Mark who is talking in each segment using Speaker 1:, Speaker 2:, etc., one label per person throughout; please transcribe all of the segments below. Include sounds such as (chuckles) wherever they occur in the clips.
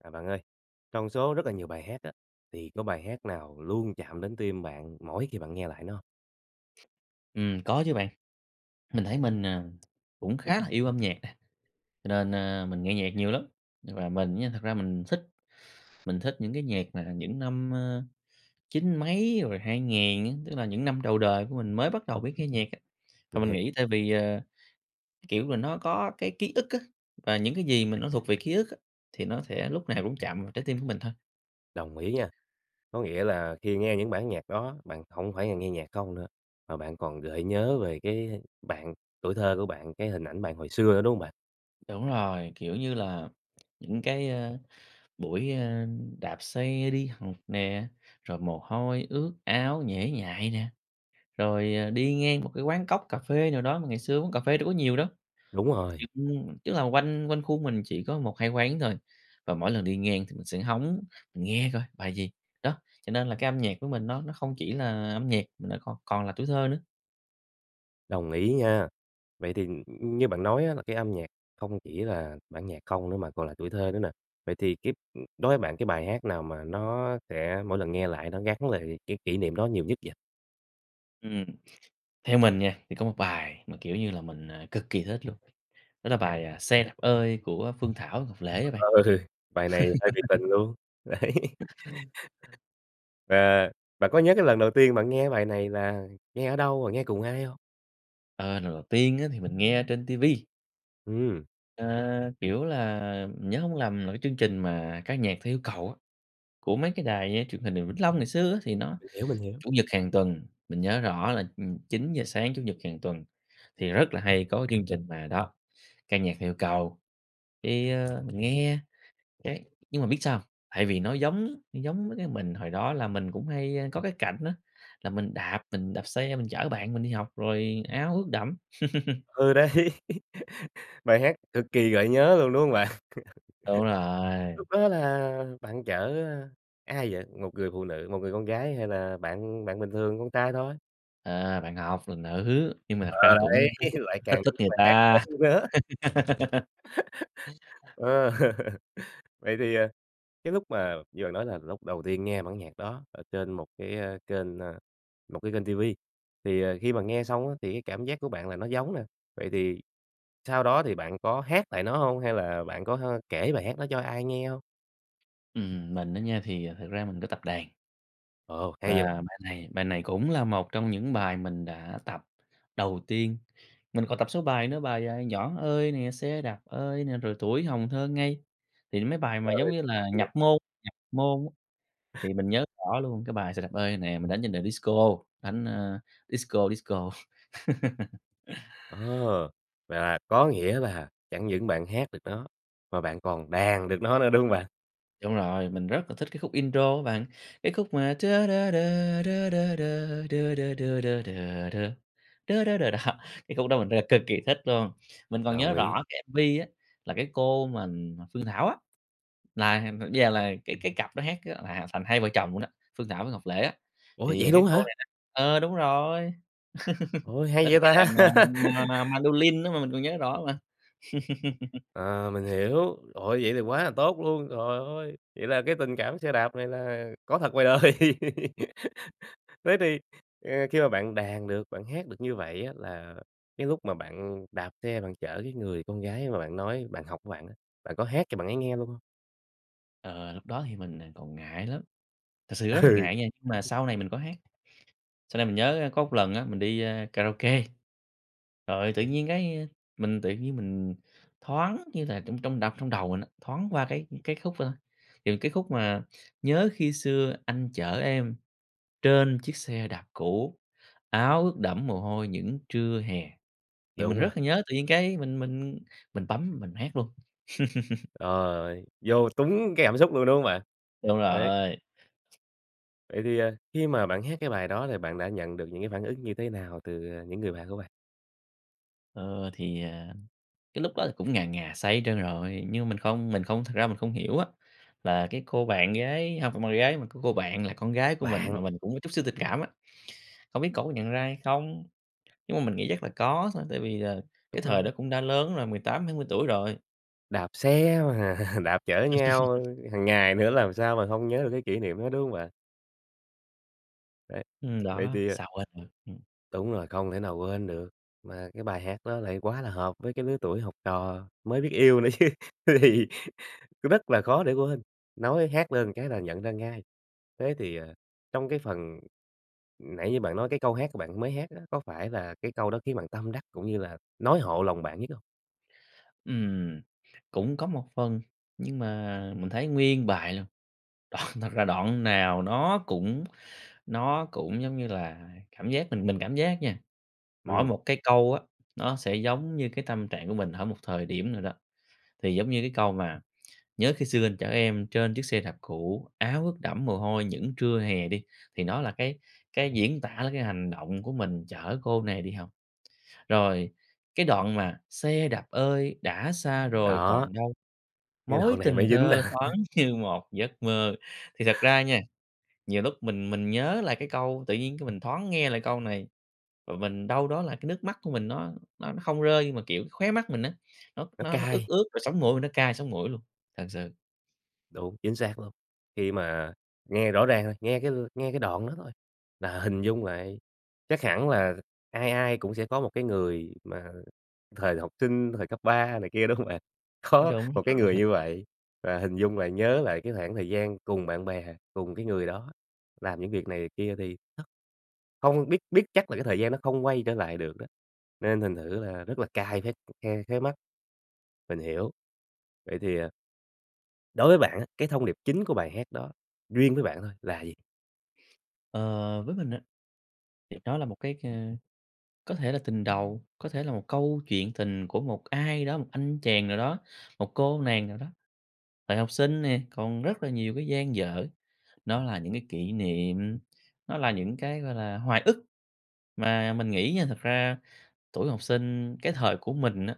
Speaker 1: À, bạn ơi, trong số rất là nhiều bài hát á, thì có bài hát nào luôn chạm đến tim bạn mỗi khi bạn nghe lại nó hông?
Speaker 2: Ừm, có chứ bạn. Mình thấy mình, à, cũng khá là yêu âm nhạc. Cho nên, a, mình nghe nhạc nhiều lắm, và mình nha thật ra mình thích mình thích những cái nhạc mà là những năm, ơ, chín mấy rồi 2000 á, tức là những năm đầu đời của mình mới bắt đầu biết nghe nhạc á. Và
Speaker 1: Mình
Speaker 2: mình
Speaker 1: hiệp
Speaker 2: nghĩ tại vì, ờ, cái kiểu mình nó có cái ký ức á, và những cái gì mà nó thuộc về ký ức á, thì nó sẽ lúc nào cũng chạm vào trái tim của mình thôi.
Speaker 1: Đồng ý nha. Có nghĩa là khi nghe những bản nhạc đó, bạn hổng phải là nghe nhạc không nữa, mà bạn còn gợi nhớ về cái bạn tuổi thơ của bạn, cái hình ảnh bạn hồi xưa nữa, đúng hông bạn?
Speaker 2: Đúng rồi, kiểu như là, những cái, ơ, buổi, ơ, đạp xe đi học nè, rồi mồ hôi ướt áo nhễ nhại nè, rồi, à, đi ngang một cái quán cóc cà phê nào đó, mà ngày xưa uống cà phê đâu có nhiều đâu.
Speaker 1: Đúng rồi.
Speaker 2: (unintelligible) Tức là quanh quanh khu mình chỉ có 1-2 quán thôi, và mỗi lần đi ngang thì mình sẽ hóng, mình nghe coi bài gì, đó, cho nên là cái âm nhạc của mình nó nó không chỉ là âm nhạc, mà nó còn còn là tuổi thơ nữa.
Speaker 1: Đồng ý nha. Vậy thì, ừm, ừm, như bạn nói á là cái âm nhạc không chỉ là bản nhạc không nữa mà còn là tuổi thơ nữa nè. Vậy thì cái, ừm, đối với bạn cái bài hát nào mà nó sẽ mỗi lần nghe lại nó gắn lại cái kỷ niệm đó nhiều nhất vậy?
Speaker 2: Ừm, theo mình nha, thì có một bài mà, kiểu như là, mình, ờ, cực kỳ thích luôn, đó là bài, à, "Xe đạp ơi" của Phương Thảo, Ngọc Lễ á bạn.
Speaker 1: Ờ, bài này hơi bị tình
Speaker 2: (laughs)
Speaker 1: luôn. Đấy. (laughs)
Speaker 2: (unintelligible)
Speaker 1: À, bạn có nhớ cái lần đầu tiên bạn nghe cái bài này là nghe ở đâu, rồi nghe cùng ai hông?
Speaker 2: Ờ, lần đầu tiên á thì mình nghe trên ti vi.
Speaker 1: Ừm.
Speaker 2: Ờ, kiểu là, mình nhớ hông lầm là cái chương trình mà "Ca nhạc theo yêu cầu" của mấy cái đài, ơ, Truyền hình Vĩnh Long ngày xưa á thì nó
Speaker 1: Mình hiểu, mình hiểu.
Speaker 2: Chủ nhật hàng tuần mình nhớ rõ là, ừm, 9:00 sáng Chủ nhật hàng tuần, thì rất là hay có kiên trình là đó, "Ca nhạc theo yêu cầu", thì, ờ, mình nghe cái nhưng mà biết sao? Tại vì nó giống giống mấy cái mình hồi đó là mình cũng hay, a, có cái cảnh á là mình đạp mình đạp xe mình chở bạn mình đi học rồi áo ướt đẫm. (chuckles)
Speaker 1: Ừ, đấy! (laughs) Bài hát cực kỳ gợi nhớ luôn, đúng hông bạn? (laughs)
Speaker 2: Đúng rồi.
Speaker 1: Lúc đó là bạn chở, a, ai vậy? Một người phụ nữ một người con gái hay là bạn bạn bình thường con trai thôi?
Speaker 2: À, bạn học là nữ, nhưng mà thật ra
Speaker 1: Ờ,
Speaker 2: cũng
Speaker 1: đấy,
Speaker 2: hơi thích,
Speaker 1: lại
Speaker 2: thích
Speaker 1: càng
Speaker 2: thích
Speaker 1: vui
Speaker 2: người
Speaker 1: vẻ
Speaker 2: ta.
Speaker 1: hơn nữa. (laughs)
Speaker 2: (laughs)
Speaker 1: Ờ. Vậy thì, à, cái lúc mà như bạn nói là lúc đầu tiên nghe bản nhạc đó ở trên một cái, ơ, kênh ơ, một cái kênh ti vi thì, ờ, khi mà nghe xong á thì cái cảm giác của bạn là nó giống nè. Vậy thì sau đó thì bạn có hát lại nó hông hay là bạn h có kể bài hát nó cho ai nghe hông?
Speaker 2: Ừm, mình á nha thì, à, thực ra mình có tập đàn.
Speaker 1: Ồ, hay vậy.
Speaker 2: Và bài này bài này cũng là một trong những bài mình đã tập đầu tiên, mình còn tập số bài nữa bài, à, "Nhỏ ơi" nè, "Xe đạp ơi" nè, rồi "Tuổi hồng thơ ngây". Thì nó mấy bài mà giống
Speaker 1: Rồi
Speaker 2: như là nhập
Speaker 1: (unintelligible)
Speaker 2: môn nhập môn á,
Speaker 1: (laughs)
Speaker 2: thì mình nhớ rõ luôn cái bài "Xe đạp ơi" nè, mình đánh trên điệu disco đánh, a, disco disco. (laughs)
Speaker 1: Ờ, là có nghĩa là chẳng những bạn hát được nó, mà bạn còn đàn được nó nữa, đúng hông bạn?
Speaker 2: Đúng rồi, mình rất là thích cái khúc intro á bạn, cái khúc mà (humming) đó, cái khúc đó mình rất là cực kỳ thích luôn, mình còn nhớ
Speaker 1: Đồng ý.
Speaker 2: rõ cái MV á, là cái cô mà mà Phương Thảo á, là giờ là cái cái cặp đó hát là thành hai vợ chồng luôn đó, Phương Thảo với Ngọc Lễ á,
Speaker 1: Ủa,
Speaker 2: thì, à,
Speaker 1: vậy
Speaker 2: cái
Speaker 1: luôn
Speaker 2: cô
Speaker 1: hả?
Speaker 2: này nè ờ, đúng rồi, (laughs)
Speaker 1: Ôi,
Speaker 2: đánh
Speaker 1: hay vậy
Speaker 2: cái đàn,
Speaker 1: ta!
Speaker 2: à, ma
Speaker 1: (laughs)
Speaker 2: mandolin á mà mình còn nhớ rõ mà.
Speaker 1: À, mình
Speaker 2: (laughs)
Speaker 1: hiểu. Trời ơi, vậy thì quá là tốt luôn, trời ơi, vậy là cái tình cảm xe đạp này là có thật ngoài đời. (laughs) Thế thì, ờ, khi mà bạn đàn được, bạn hát được như vậy á, là cái lúc mà bạn đạp xe bạn chở cái người con gái mà bạn nói bạn học của bạn á, bạn có hát cho bạn ấy nghe luôn hông?
Speaker 2: Ờ, lúc đó thì mình, ờ, còn ngại lắm, thật sự rất là
Speaker 1: Ừ.
Speaker 2: ngại nha, nhưng mà sau này mình có hát. Sau này mình nhớ có một lần á, mình đi, a, karaoke, rồi tự nhiên cái a, mình tự nhiên mình thoáng như là trong trong đ trong đầu mình á, thoáng qua cái cái khúc ơ, kiểu, cái khúc mà "Nhớ khi xưa anh chở em, trên chiếc xe đạp cũ, áo ướt đẫm mồ hôi những trưa hè". Thì mình
Speaker 1: Đúng rồi.
Speaker 2: rất là nhớ, tự nhiên cái mình mình mình bấm mình hát luôn. (laughs)
Speaker 1: Trời ơi! Vô túng cái cảm xúc luôn, đúng không bạn?
Speaker 2: Đúng
Speaker 1: Đấy.
Speaker 2: rồi.
Speaker 1: Vậy thì, ờ, khi mà bạn hát cái bài đó, thì bạn đã nhận được những cái phản ứng như thế nào từ, ờ, những người bạn của bạn?
Speaker 2: Ơ, thì, à, cái lúc đó thì cũng ngà ngà say hết trơn rồi, nhưng mình không mình không thực ra mình không hiểu á, là cái cô bạn gái hông phải bạn gái, mà có cô bạn là con gái của mình,
Speaker 1: Bạn.
Speaker 2: mà mình cũng có chút xíu tình cảm á, không biết cổ có nhận ra hay không? Nhưng mà mình nghĩ chắc là có thôi, tại vì là
Speaker 1: Đúng
Speaker 2: cái thời
Speaker 1: rồi.
Speaker 2: đó cũng đã lớn rồi, 18-20 tuổi rồi.
Speaker 1: Đạp xe mà đạp chở nhau
Speaker 2: (laughs)
Speaker 1: hàng ngày nữa, làm sao mà hông nhớ được cái kỷ niệm đó, đúng hông bạn? Đấy,
Speaker 2: Ừm,
Speaker 1: vậy
Speaker 2: đó,
Speaker 1: thì à
Speaker 2: sao quên được, ừm.
Speaker 1: Đúng rồi, không thể nào quên được. Mà cái bài hát đó lại quá là hợp với cái lứa tuổi học trò, mới biết yêu nữa chứ, th thì rất là khó để quên, nói hát lên cái là nhận ra ngay. Thế thì, ờ, trong cái phần nãy như bạn nói cái câu hát của bạn mới hát á, có phải là cái câu đó khiến bạn tâm đắc cũng như là nói hộ lòng bạn nhất hông?
Speaker 2: Ừm, cũng có một phần. Nhưng mà mình thấy nguyên bài luôn, đoạn thật ra đoạn nào nó cũng nó cũng, giống như là, cảm giác mình mình cảm giác nha, mỗi
Speaker 1: Ừm.
Speaker 2: một cái câu á, nó sẽ giống như cái tâm trạng của mình ở một thời điểm nào đó. Thì giống như cái câu mà "nhớ khi xưa anh chở em trên chiếc xe đạp cũ, áo ướt đẫm mồ hôi, những trưa hè" đi, thì nó là cái cái diễn tả lại cái hành động của mình chở cô này đi học. Rồi cái đoạn mà "xe đạp ơi, đã xa rồi
Speaker 1: Đó.
Speaker 2: còn đâu,
Speaker 1: Nghe
Speaker 2: mối
Speaker 1: đoạn này
Speaker 2: tình
Speaker 1: mới dính
Speaker 2: thơ
Speaker 1: nà.
Speaker 2: thoáng như một giấc mơ", thì thật ra nha, nhiều lúc mình mình nhớ lại cái câu, tự nhiên cái mình thoáng nghe lại câu này, và mình đâu đó là cái nước mắt của mình nó nó nó không rơi nhưng mà, kiểu, khóe mắt mình á, nó
Speaker 1: Nó
Speaker 2: nó nó ướt
Speaker 1: cay.
Speaker 2: ướt rồi sống mũi mình nó cay sống mũi luôn, thật sự.
Speaker 1: Đúng, chính xác luôn. Khi mà nghe rõ ràng rồi, nghe cái nghe cái đoạn đó thôi là hình dung lại. Chắc hẳn là ai ai cũng sẽ có một cái người mà thời học sinh, thời cấp 3 này kia, đúng hông bạn? Có
Speaker 2: Đúng,
Speaker 1: một cái
Speaker 2: còn ảnh
Speaker 1: người
Speaker 2: hưởng
Speaker 1: như vậy và hình dung lại, nhớ lại cái khoảng thời gian cùng bạn bè, cùng cái người đó, làm những việc này việc kia thì nó hông biết biết chắc là cái thời gian nó không quay trở lại được đó, nên thành thử là rất là cay cái, ừ, khe khóe mắt. Mình hiểu. Vậy thì, à đối với bạn á, cái thông điệp chính của bài hát đó, riêng với bạn thôi, là gì?
Speaker 2: Ờ, với mình á thì đó là một cái, ơ, có thể là tình đầu, có thể là một câu chuyện tình của một ai đó, một anh chàng nào đó, một cô nàng nào đó. Thời học sinh nè, còn rất là nhiều cái dang dở, nó là những cái kỷ niệm, nó là những cái, gọi là, hoài ức. Mà mình nghĩ nha, thật ra tuổi học sinh cái thời của mình á,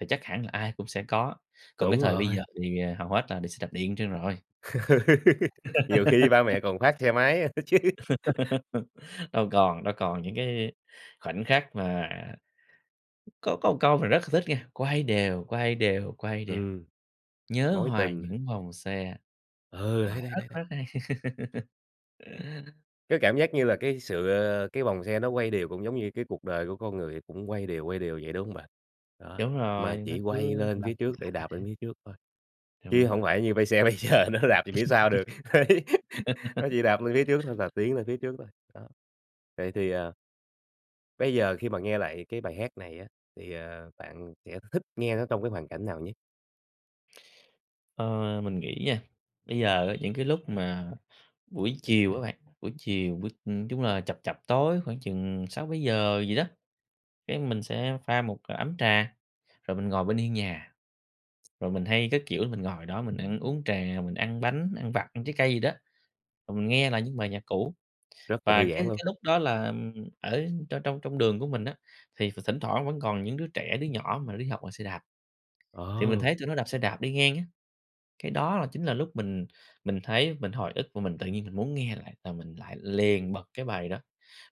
Speaker 2: thì chắc hẳn là ai cũng sẽ có, còn cái
Speaker 1: Đúng
Speaker 2: thời bây giờ
Speaker 1: rồi.
Speaker 2: thì hầu hết là đi xe đạp điện trơn rồi.
Speaker 1: (laughs) Nhiều khi ba
Speaker 2: (laughs)
Speaker 1: mẹ còn phát xe máy nữa chứ. (laughs)
Speaker 2: (laughs) Đâu còn, đâu còn những cái khoảnh khắc mà Có có một câu mà rất là thích nghe, "Quay đều, quay đều, quay đều,
Speaker 1: Ừm.
Speaker 2: nhớ
Speaker 1: Mối
Speaker 2: hoài
Speaker 1: tình
Speaker 2: những vòng xe."
Speaker 1: Ừ,
Speaker 2: Ờ,
Speaker 1: đấy, đấy,
Speaker 2: rất,
Speaker 1: đấy, đấy.
Speaker 2: rất hay (laughs)
Speaker 1: Cái cảm giác như là cái sự, ờ, cái vòng xe nó quay đều, cũng giống như cái cuộc đời của con người, cũng quay đều, quay đều vậy, đúng hông bạn? Đó,
Speaker 2: Đúng rồi,
Speaker 1: mà
Speaker 2: nó
Speaker 1: chỉ quay
Speaker 2: cứ
Speaker 1: lên
Speaker 2: lặp
Speaker 1: phía trước để đạp
Speaker 2: lại.
Speaker 1: lên phía trước thôi,
Speaker 2: Đúng
Speaker 1: chứ
Speaker 2: rồi.
Speaker 1: hổng phải như bây xe bây giờ nó đạp về phía sau được. Đấy, (laughs) nó chỉ đạp lên phía trước thôi,
Speaker 2: (laughs)
Speaker 1: đạp tiến lên phía trước thôi. Đó, vậy thì ờ bây giờ khi mà nghe lại cái bài hát này á, thì, ờ, bạn sẽ th thích nghe nó trong cái hoàn cảnh nào nhất?
Speaker 2: Ờ. Mình nghĩ nha, bây giờ á những cái lúc mà buổi chiều á bạn, buổi chiều buổi, ừm, chung là chập chập tối khoảng chừng 6:00-7:00 gì đó, cái mình sẽ pha một ấm trà, rồi mình ngồi bên hiên nhà, rồi mình hay, cái kiểu, mình ngồi đó, mình ăn uống trà, mình ăn bánh, ăn vặt, ăn trái cây gì đó, rồi mình nghe lại những bài nhạc cũ.
Speaker 1: Rất là
Speaker 2: Và
Speaker 1: thư
Speaker 2: cái
Speaker 1: giãn luôn.
Speaker 2: cái lúc đó là ở trong trong trong đường của mình á, thì th thỉnh thoảng vẫn còn những đứa trẻ, đứa nhỏ mà đi học bằng xe đạp. Thì mình
Speaker 1: Ồ.
Speaker 2: thấy tụi nó đạp xe đạp đi ngang á, cái đó là chính là lúc mình mình thấy, mình hồi ức và mình tự nhiên mình muốn nghe lại, là mình lại liền bật cái bài đó.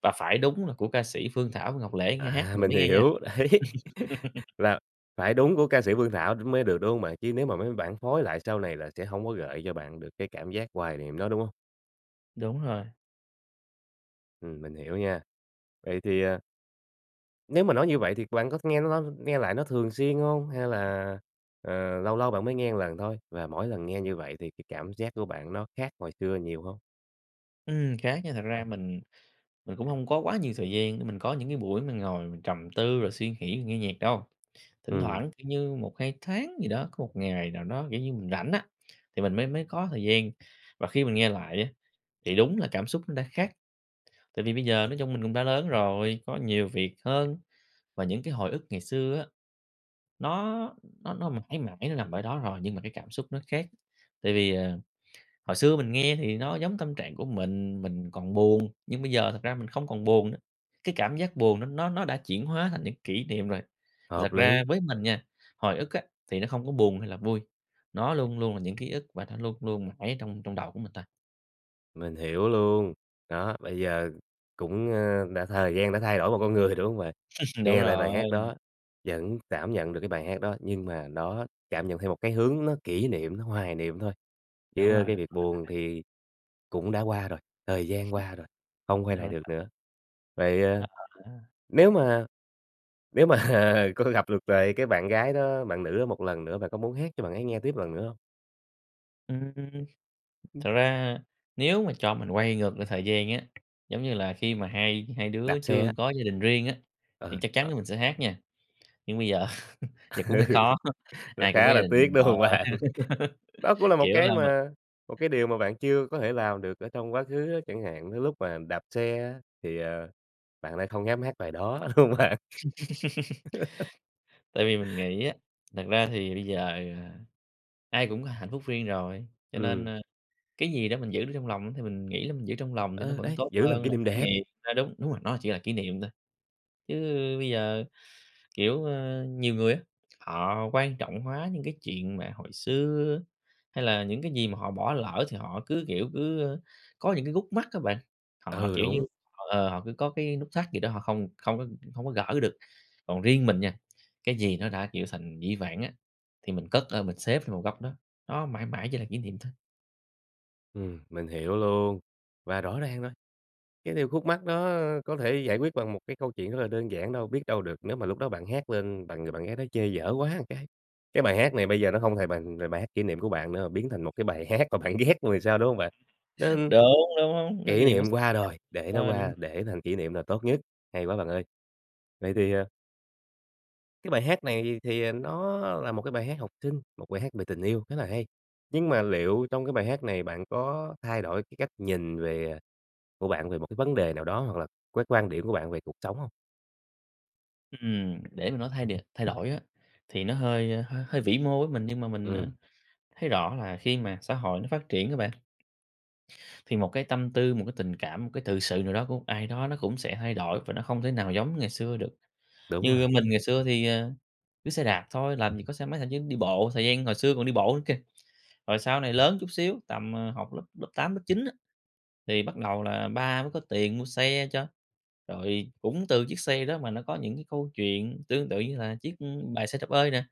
Speaker 2: Và phải đúng là của ca sĩ Phương Thảo với Ngọc Lễ nghe
Speaker 1: À,
Speaker 2: hát mình
Speaker 1: mình
Speaker 2: mới nghe nha.
Speaker 1: hiểu. Đấy, (laughs)
Speaker 2: (laughs)
Speaker 1: là phải đúng của ca sĩ Phương Thảo đ mới được, đúng hông bạn? Chứ nếu mà mấy bản phối lại sau này là sẽ hông có gợi cho bạn được cái cảm giác hoài niệm đó, đúng hông?
Speaker 2: Đúng rồi.
Speaker 1: Ừm, mình hiểu nha. Vậy thì à nếu mà nói như vậy thì bạn có th nghe nó nghe lại nó thường xuyên hông? Hay là, ờ, lâu lâu bạn mới nghe một lần thôi, và mỗi lần nghe như vậy thì cái cảm giác của bạn nó khác hồi xưa nhiều hông?
Speaker 2: Ừm, khác nha, thật ra mình mình cũng hông có quá nhiều thời gian để mình có những cái buổi mình ngồi mình trầm tư rồi suy nghĩ rồi nghe nhạc đâu. Thỉnh
Speaker 1: Ừm.
Speaker 2: thoảng, kiểu như, 1-2 tháng gì đó, có 1 ngày nào đó, kiểu như, mình rảnh á, thì mình mới mới có thời gian, và khi mình nghe lại á, thì đúng là cảm xúc nó đã khác. Tại vì bây giờ nói chung mình cũng đã lớn rồi, có nhiều việc hơn, và những cái hồi ức ngày xưa á, nó nó nó mãi mãi nó nằm ở đó rồi, nhưng mà cái cảm xúc nó khác. Tại vì, ờ, hồi xưa mình nghe thì nó giống tâm trạng của mình, mình còn buồn, nhưng bây giờ thật ra mình không còn buồn nữa, cái cảm giác buồn nó nó nó đã chuyển hóa thành những kỷ niệm rồi. Thì
Speaker 1: Hợp
Speaker 2: thật ra
Speaker 1: lý.
Speaker 2: với mình nha, hồi ức á, thì nó không có buồn hay là vui, nó luôn luôn là những ký ức và nó luôn luôn mãi ở trong trong đầu của người ta.
Speaker 1: Mình hiểu luôn. Đó, bây giờ cũng, ờ, đã thời gian đã thay đổi một con người, đúng hông bạn?
Speaker 2: (laughs) Đúng
Speaker 1: Nghe lại bài hát
Speaker 2: rồi.
Speaker 1: đó, vẫn cảm nhận được cái bài hát đó nhưng mà nó cảm nhận theo một cái hướng nó kỷ niệm, nó hoài niệm thôi,
Speaker 2: Đúng rồi,
Speaker 1: chứ cái
Speaker 2: đúng
Speaker 1: việc buồn
Speaker 2: (unintelligible)
Speaker 1: thì cũng đã qua rồi, thời gian qua rồi,
Speaker 2: (laughs)
Speaker 1: không quay
Speaker 2: Đúng
Speaker 1: lại được
Speaker 2: (unintelligible)
Speaker 1: nữa. Vậy,
Speaker 2: A,
Speaker 1: ơ,
Speaker 2: ờ ha.
Speaker 1: nếu mà nếu mà, ờ, có gặp được lại cái bạn gái đó, bạn nữ đó một lần nữa bạn có muốn hát cho bạn ấy nghe tiếp lần nữa hông?
Speaker 2: Ừm.
Speaker 1: Ừm.
Speaker 2: Thật ra nếu mà cho mình quay ngược lại thời gian á, giống như là, khi mà hai hai
Speaker 1: Đạp
Speaker 2: đứa
Speaker 1: xe á.
Speaker 2: chưa có gia đình riêng á, thì
Speaker 1: Ừ.
Speaker 2: chắc chắn
Speaker 1: Đó.
Speaker 2: á mình sẽ hát nha. Nhưng bây giờ giờ cũng hơi khó,
Speaker 1: (laughs) Nó
Speaker 2: ai cũng có
Speaker 1: khá
Speaker 2: gia
Speaker 1: là
Speaker 2: đình
Speaker 1: tiếc, đúng
Speaker 2: rồi
Speaker 1: hông
Speaker 2: ha,
Speaker 1: bạn? Đó cũng là một
Speaker 2: kiểu
Speaker 1: cái
Speaker 2: là, m
Speaker 1: mà một cái điều mà bạn chưa có thể làm được ở trong quá khứ á, chẳng hạn, tới lúc mà đạp xe á thì, ờ, bạn lại không dám hát bài đó, đúng không bạn?
Speaker 2: (laughs)
Speaker 1: (laughs)
Speaker 2: Tại vì mình nghĩ á, thật ra thì bây giờ, à, ai cũng có hạnh phúc riêng rồi, cho nên,
Speaker 1: Ừm.
Speaker 2: ơ, cái gì đó mình giữ được trong lòng thì mình nghĩ là mình giữ trong lòng thì nó
Speaker 1: Ừ,
Speaker 2: vẫn
Speaker 1: đấy,
Speaker 2: tốt
Speaker 1: giữ làm
Speaker 2: hơn
Speaker 1: kỷ
Speaker 2: là
Speaker 1: niệm
Speaker 2: cái
Speaker 1: đẹp.
Speaker 2: gì, a đúng, đúng rồi, nó chỉ là kỷ niệm thôi. Chứ bây giờ, kiểu, ơ, nhiều người á, họ quan trọng hóa những cái chuyện mà hồi xưa, hay là những cái gì mà họ bỏ lỡ thì họ cứ, kiểu, cứ, ơ, có những cái khúc mắc á bạn. Họ,
Speaker 1: Ừ,
Speaker 2: kiểu như,
Speaker 1: đúng.
Speaker 2: ờ, họ cứ có cái nút thắt gì đó họ không không có không có gỡ được. Còn riêng mình nha, cái gì nó đã, kiểu, thành dĩ vãng á, thì mình cất ơ, mình xếp vào một góc đó, nó mãi mãi chỉ là kỷ niệm thôi.
Speaker 1: Ừm, mình hiểu luôn và rõ ràng rồi, cái điều khúc mắc đó có thể giải quyết bằng một cái câu chuyện rất là đơn giản đâu biết đâu được nếu mà lúc đó bạn hát lên, bạn người bạn gái đó chê dở quá một cái. Cái bài hát này bây giờ nó hông hề bằng về bài hát kỷ niệm của bạn nữa mà biến thành một cái bài hát mà bạn ghét luôn thì sao, đúng hông bạn? Nó,
Speaker 2: Đúng,
Speaker 1: ưm
Speaker 2: đúng, đúng, nó
Speaker 1: kỷ
Speaker 2: gì cũng
Speaker 1: niệm
Speaker 2: (unintelligible)
Speaker 1: qua rồi để nó
Speaker 2: hên.
Speaker 1: qua, để thành kỷ niệm là tốt nhất. Hay quá bạn ơi! Vậy thì, ờ cái bài hát này thì, ờ, nó là một cái bài hát học sinh, một bài hát về tình yêu khá là hay, nhưng mà liệu trong cái bài hát này bạn có thay đổi cái cách nhìn về, à, của bạn về một cái vấn đề nào đó hoặc là cái quan điểm của bạn về cuộc sống hông?
Speaker 2: Ừm, để mà nó thay đ thay đổi á, thì nó hơi, a, hơi vĩ mô với mình nhưng mà mình, ờ,
Speaker 1: Ừm.
Speaker 2: thấy rõ là khi mà xã hội nó phát triển đó bạn thì một cái tâm tư, một cái tình cảm, một cái tự sự nào đó của một ai đó nó cũng sẽ thay đổi và nó không thể nào giống ngày xưa được.
Speaker 1: Đúng
Speaker 2: Như
Speaker 1: rồi.
Speaker 2: mình ngày xưa thì, ờ, cứ xe đạp thôi, làm gì có xe máy, thậm chí đi bộ thời gian hồi xưa còn đi bộ nữa kìa, rồi sau này lớn chút xíu tầm, ờ, học lớp lớp 8, lớp 9 á thì bắt đầu là ba mới có tiền mua xe cho, rồi cũng từ chiếc xe đó mà nó có những cái câu chuyện tương tự như là chiếc, ơ, bài Xe đạp ơi nè,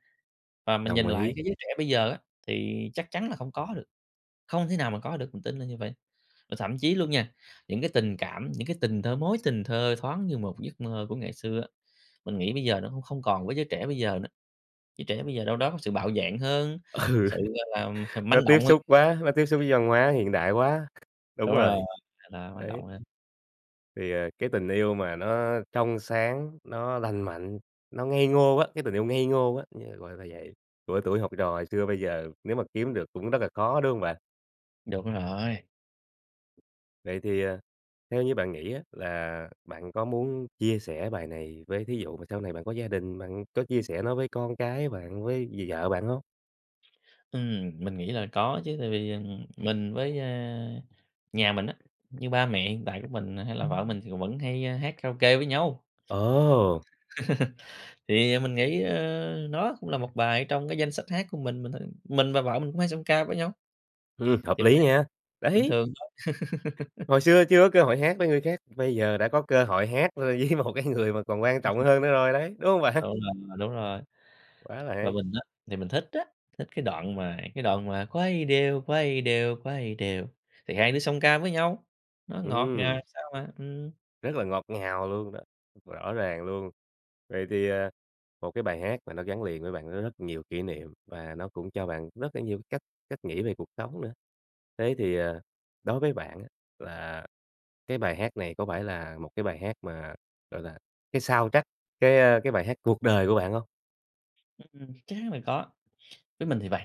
Speaker 2: và mình
Speaker 1: Đồng
Speaker 2: nhìn lại
Speaker 1: ý.
Speaker 2: cái giới trẻ bây giờ á, thì chắc chắn là không có được, không thể nào mà có được, mình tin là như vậy. Và thậm chí luôn nha, những cái tình cảm, những cái tình thơ mối tình thơ thoáng như một giấc mơ của ngày xưa á, mình nghĩ bây giờ nó cũng không còn với giới trẻ bây giờ nữa. Giới trẻ bây giờ đâu đó có sự bạo dạn hơn,
Speaker 1: Ừ.
Speaker 2: sự gọi là,
Speaker 1: Nó
Speaker 2: manh
Speaker 1: tiếp
Speaker 2: động hơn
Speaker 1: xúc quá, nó tiếp xúc với
Speaker 2: (unintelligible)
Speaker 1: văn hóa hiện đại quá. Đúng
Speaker 2: Đúng rồi,
Speaker 1: rồi.
Speaker 2: thì là manh
Speaker 1: Đấy.
Speaker 2: động đấy.
Speaker 1: Thì, ờ, cái tình yêu mà nó trong sáng, nó lành mạnh, nó ngây ngô á, cái tình yêu ngây ngô á như, gọi là, vậy, của tuổi học trò hồi xưa, bây giờ nếu mà kiếm được cũng rất là khó, đúng hông bạn?
Speaker 2: Đúng rồi.
Speaker 1: Vậy thì, ờ, theo như bạn nghĩ á là bạn có muốn chia sẻ bài này với thí dụ mà sau này bạn có gia đình, bạn có chia sẻ nó với con cái bạn, với d vợ bạn hông?
Speaker 2: Ừm, mình nghĩ là có chứ, tại vì, ừm, mình với, a, nhà mình á, như ba mẹ hiện tại của mình nà hay là vợ mình thì cũng vẫn hay hát karaoke với nhau.
Speaker 1: Ồ!
Speaker 2: (laughs) Thì mình nghĩ, ơ, nó cũng là một bài ở trong cái danh sách hát của mình mình thôi, mình và vợ mình cũng hay song ca với nhau,
Speaker 1: Ừm, hợp
Speaker 2: thì mình
Speaker 1: lý
Speaker 2: thấy
Speaker 1: nha.
Speaker 2: bình
Speaker 1: Đấy!
Speaker 2: thường thôi.
Speaker 1: Hồi xưa
Speaker 2: (laughs)
Speaker 1: chưa có cơ hội hát với người khác, bây giờ đã có cơ hội hát, ơ, với một cái người mà còn quan trọng
Speaker 2: (laughs)
Speaker 1: hơn nữa rồi đấy, đúng hông bạn?
Speaker 2: Tụi mình mà đúng rồi,
Speaker 1: Quá là
Speaker 2: và
Speaker 1: hay.
Speaker 2: mình á thì mình thích á, thích cái đoạn mà cái đoạn mà quay đều, quay đều, quay đều, thì hai đứa song ca với nhau, nó ngọt ngào
Speaker 1: Ừm.
Speaker 2: làm sao mà, ừm.
Speaker 1: Rất là ngọt ngào luôn đó, rõ ràng luôn! Vậy thì, à, một cái bài hát mà nó gắn liền với bạn, nó rất nhiều kỷ niệm, và nó cũng cho bạn rất là nhiều cái cách cách nghĩ về cuộc sống nữa. Thế thì, ờ, đối với bạn á, là cái bài hát này có phải là một cái bài hát mà, gọi là, cái soundtrack cái, ơ, cái bài hát cuộc đời của bạn hông?
Speaker 2: Ưm, ừm, chắc chắn là có! Với mình thì vầy,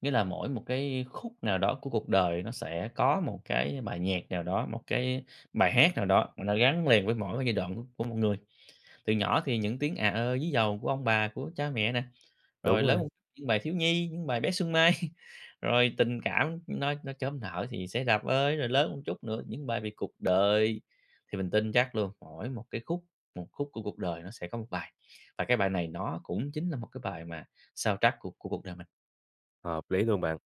Speaker 2: nghĩa là mỗi một cái khúc nào đó của cuộc đời nó sẽ có một cái bài nhạc nào đó một cái bài hát nào đó mà nó gắn liền với mỗi cái giai đoạn của của một người. Từ nhỏ thì những tiếng à ơ ví dầu của ông bà, của cha mẹ nè,
Speaker 1: Đúng
Speaker 2: rồi
Speaker 1: rồi.
Speaker 2: lớn những bài thiếu nhi, những bài bé Xuân Mai, (laughs) rồi tình cảm nó nó chớm nở thì "Xe Đạp Ơi", rồi lớn một chút nữa, những bài về cuộc đời, thì mình tin chắc luôn, mỗi một cái khúc một khúc của cuộc đời nó sẽ có một bài. Và cái bài này nó cũng chính là một cái bài mà soundtrack của của cuộc đời mình.
Speaker 1: Hợp lý luôn bạn!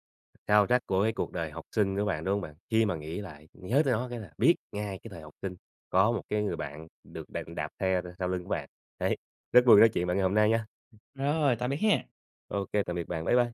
Speaker 1: Soundtrack của cái cuộc đời học sinh của bạn, đúng hông bạn? Khi mà nghĩ lại, nhớ tới nó cái là biết ngay cái thời học sinh, có một cái người bạn được đạp đạp xe thôi sau lưng của bạn. Đấy, rất vui được nói chuyện với bạn ngày hôm nay nha!
Speaker 2: Rồi, tạm biệt ha!
Speaker 1: Ô kê, tạm biệt bạn, bái bai.